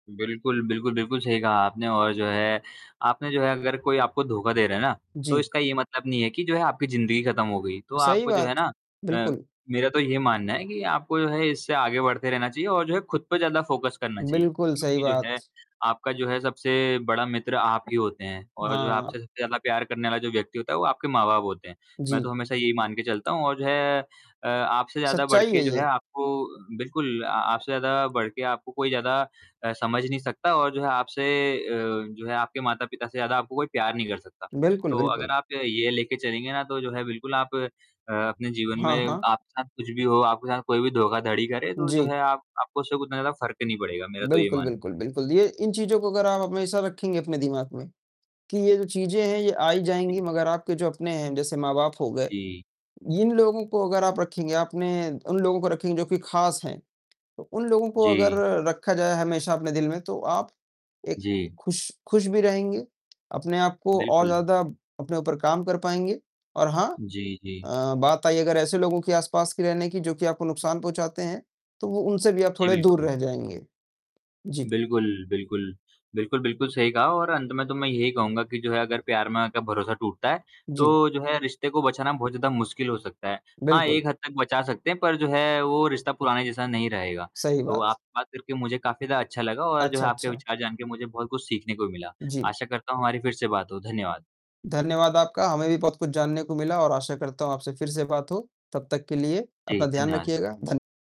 बिल्कुल। बिल्कुल, बिल्कुल सही कहा आपने और जो है आपने जो है अगर कोई आपको धोखा दे रहा है ना तो जी। इसका ये मतलब नहीं है कि जो है आपकी ज़िंदगी खत्म हो गई। तो सही आपको जो है बात, ना अ, बिल्कुल। मेरा तो ये मानना है कि आपको जो है इससे आगे बढ़ते रहना चाहिए और जो है खुद पे ज़्यादा फ़ोकस करना चाहिए। बिल्कुल, सही क्योंकि जो बात। है आपका जो है सबसे बड़ा मित्र आप ही होते हैं और जो आपसे हाँ। सबसे ज़्यादा प्यार करने वाला जो व्यक्ति होता है वो आपके माँ-बाप होते हैं। मैं तो जी। हमेशा यही मान के चलता हूँ और जो है अ, आपसे ज़्यादा बढ़ सच्चाई के जो यही है अ, है। आपको बिल्कुल अ, आपसे ज़्यादा बढ़ के आपको कोई ज़्यादा अ, समझ नहीं सकता और जो है आपसे अ, जो है आपके माता-पिता से ज़्यादा आपको कोई प्यार नहीं कर सकता। बिल्कुल, तो बिल्कुल। अगर आप ये लेके चलेंगे ना तो जो है बिल्कुल आप अ, अपने जीवन हाँ, में हाँ। आपके साथ कुछ भी हो, आपके साथ कोई भी धोखा-धड़ी करे तो जो जी। है आप आपको उससे उतना ज़्यादा फ़र्क ही नहीं पड़ेगा। मेरा तो ये बिल्कुल, मान बिल्कुल, बिल्कुल। ये इन चीज़ों को अगर आप हमेशा रखेंगे अपने दिमाग में कि ये जो चीज़ें हैं ये आ ही जाएँगी जी। मगर आपके जो अपने हैं जैसे माँ-बाप हो गए। जी। इन लोगों को अगर आप रखेंगे आपने उन लोगों को रखेंगे जो कि ख़ास हैं तो उन लोगों को अगर जी। रखा जाए हमेशा अपने दिल में तो आप एक जी। ख़ुश ख़ुश भी रहेंगे। अपने आप को और बिल्कुल। ज़्यादा अपने ऊपर काम कर पाएँगे। और हाँ, जी, जी। अ, बात आई अगर ऐसे लोगों के आसपास के रहने की जो कि आपको नुकसान पहुँचाते हैं। तो वो उनसे भी आप जी, थोड़े दूर बिल्कुल। रह जाएँगे। जी। बिल्कुल, बिल्कुल। बिल्कुल, बिल्कुल सही कहा और अंत में तो मैं यही कहूँगा कि जो है अगर प्यार में आके भरोसा टूटता है, जी। तो जो है रिश्ते को बचाना बहुत ज़्यादा मुश्किल हो सकता है। हाँ, बिल्कुल। एक हद तक बचा सकते हैं पर जो है वो रिश्ता पुराने जैसा नहीं रहेगा। सही तो बात। आप का करके मुझे काफ़ी ज़्यादा अच्छा लगा और जो अच्छा, है आपके अच्छा। विचार जानके मुझे बहुत कुछ सीखने को भी मिला। जी। आशा करता हूँ हमारी फ़िर से बात हो। धन्यवाद। धन्यवाद आपका। हमें भी बहुत कुछ जानने को मिला और आशा करता हूँ आपसे फ़िर से बात हो। तब तक के लिए अपना जी, ध्यान धन्यवाद। रखिएगा। धन्य